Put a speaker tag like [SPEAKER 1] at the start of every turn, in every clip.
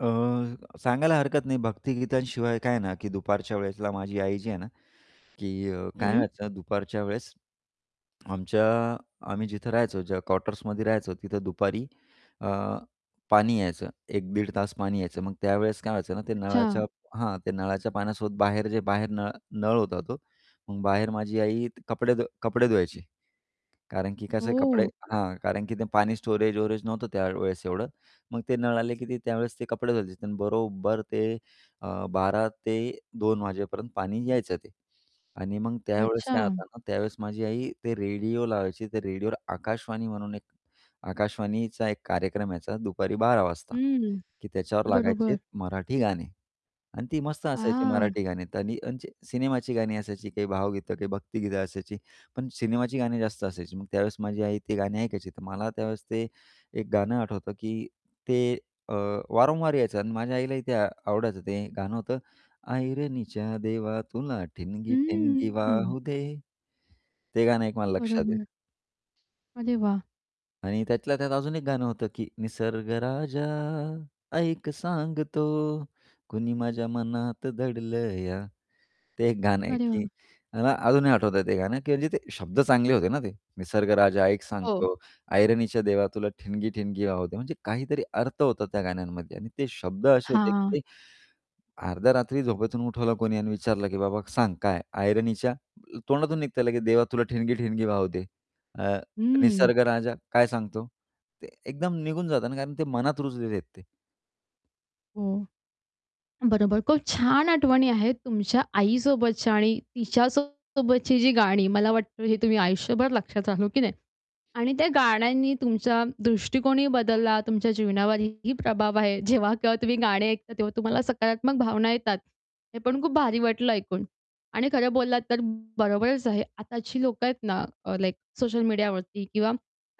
[SPEAKER 1] अं, सांगायला हरकत नाही. भक्तिगीतांशिवाय काय ना, की दुपारच्या वेळेसला माझी आई जी आहे ना, की काय
[SPEAKER 2] हं.
[SPEAKER 1] व्हायचं दुपारच्या वेळेस, आमच्या आम्ही जिथं राहायचो ज्या कॉटर्समध्ये राहायचो तिथं दुपारी अ, पाणी यायचं, एक-दीड तास पाणी यायचं. मग त्यावेळेस काय व्हायचं ना, ते नळाच्या
[SPEAKER 2] अच्छा.
[SPEAKER 1] हां, ते नळाच्या पाण्यासोबत बाहेर जे बाहेर न नळ होता तो मग बाहेर माझी आई कपडे धु कपडे धुवायची कारण की कसं आहे कपडे
[SPEAKER 2] हो.
[SPEAKER 1] हां, कारण की ते पाणी स्टोरेज-वोरेज नव्हतं त्यावेळेस एवढं. मग ते नळ आले की ते त्यावेळेस ते कपडे धुवायचे. तर बरोबर ते अ, 12:00-2:00 वाजेपर्यंत पाणी यायचं ते आणि मग त्यावेळेस काय
[SPEAKER 2] अच्छा.
[SPEAKER 1] होतं ना, त्यावेळेस माझी आई ते रेडिओ लावायची. ते रेडिओवर आकाशवाणी म्हणून एक आकाशवाणीचा एक कार्यक्रम यायचा दुपारी 12:00 वाजता,
[SPEAKER 2] हं,
[SPEAKER 1] की त्याच्यावर लागायचे
[SPEAKER 2] बरोबर.
[SPEAKER 1] मराठी गाणे अन् ती मस्त असायची
[SPEAKER 2] हां.
[SPEAKER 1] मराठी गाणी आणि त्यांचे सिनेमाची गाणी असायची. काही भावगीतं, काही भक्तिगीतं असायची पण सिनेमाची गाणी जास्त असायची. मग त्यावेळेस माझी आई ती गाणी ऐकायची तर मला त्यावेळेस ते एक गाणं आठवतं की ते अ, वारंवार यायचं अन् माझ्या आईलाही ते आवडायचं. ते गाणं होतं ऐरणीच्या देवा तुला ठिणगी ठिणगी
[SPEAKER 2] हं.
[SPEAKER 1] वाहू दे. ते गाणं एक मला लक्षात आहे.
[SPEAKER 2] बरोबर. अरे वाह!
[SPEAKER 1] आणि त्यातल्या त्यात अजून एक गाणं होतं की निसर्ग राजा ऐक सांगतो, कुणी माझ्या मनात दडलं या ते एक गाणं आहे,
[SPEAKER 2] अरे
[SPEAKER 1] की
[SPEAKER 2] वाह!
[SPEAKER 1] मला अजूनही आठवतंय ते गाणं की म्हणजे ते शब्द चांगले होते ना ते. निसर्ग राजा ऐक
[SPEAKER 2] हो.
[SPEAKER 1] सांगतो, ऐरणीच्या देवा तुला ठिणगी ठिणगी वाहू दे, म्हणजे काहीतरी अर्थ होता त्या गाण्यांमध्ये आणि ते शब्द असे होते की
[SPEAKER 2] हां.
[SPEAKER 1] ते अर्ध्या रात्री झोपेतून उठवलं कोणी आणि विचारलं की, "बाबा सांग काय? ऐरणीच्या," तोंडातून निघतं लगेच, "देवा तुला ठिणगी ठिणगी वाहू दे." अ,
[SPEAKER 2] हं.
[SPEAKER 1] निसर्ग राजा, काय सांगतो? ते एकदम निघून जाता ना कारण ते मनात रुजलेले आहेत ते.
[SPEAKER 2] हो. बरोबर. खूप छान आठवणी आहेत तुमच्या आईसोबतच्या आणि तिच्यासोबतची जी गाणी, मला वाटतं हे तुम्ही आयुष्यभर लक्षात राहू हो की नाही? आणि त्या गाण्यांनी तुमचा दृष्टिकोनही बदलला, तुमच्या जीवनावरही प्रभाव आहे. जेव्हा केव्हा तुम्ही गाणे ऐकता तेव्हा तुम्हाला सकारात्मक भावना येतात. हे पण खूप भारी वाटलं ऐकून आणि खरं बोललात तर बरोबरच आहे. आताची लोकं आहेत ना, अ, लाइक सोशल मीडियावरती किंवा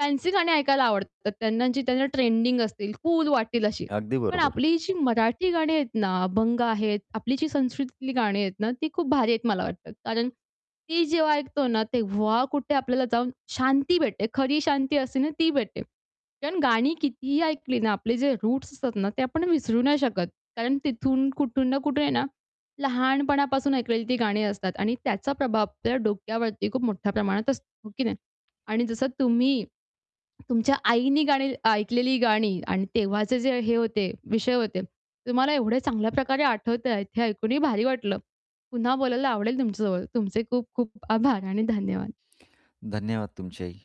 [SPEAKER 2] फॅन्सी गाणी ऐकायला आवडतात त्यांना, जी त्यांना ट्रेंडिंग असतील, कूल वाटेल अशी.
[SPEAKER 1] अगदी
[SPEAKER 2] पण
[SPEAKER 1] बरोबर.
[SPEAKER 2] आपली जी मराठी गाणी आहेत ना, अभंग आहेत, आपली जी संस्कृतीतली गाणी आहेत ना, ती खूप भारी आहेत मला वाटतं. कारण ती जेव्हा ऐकतो ना, तेव्हा कुठे आपल्याला जाऊन शांती भेटते. खरी शांती असते ना, ती भेटते. कारण गाणी कितीही ऐकली ना, आपले जे रूट्स असतात ना, ते आपण विसरू नाही शकत कारण तिथून कुठून ना कुठे आहे ना, लहानपणापासून ऐकलेली ती गाणी असतात आणि त्याचा प्रभाव आपल्या डोक्यावरती खूप मोठ्या प्रमाणात असतो, हो की नाही? आणि जसं तुम्ही तुमच्या आईनी गाणी ऐकलेली गाणी आणि तेव्हाचे जे हे होते विषय होते, तुम्हाला एवढे चांगल्या प्रकारे आठवतंय हे ऐकूनही भारी वाटलं. पुन्हा बोलायला आवडेल तुमच्यासोबत. तुमचे खूप-खूप आभार आणि धन्यवाद.
[SPEAKER 1] धन्यवाद तुमचेही.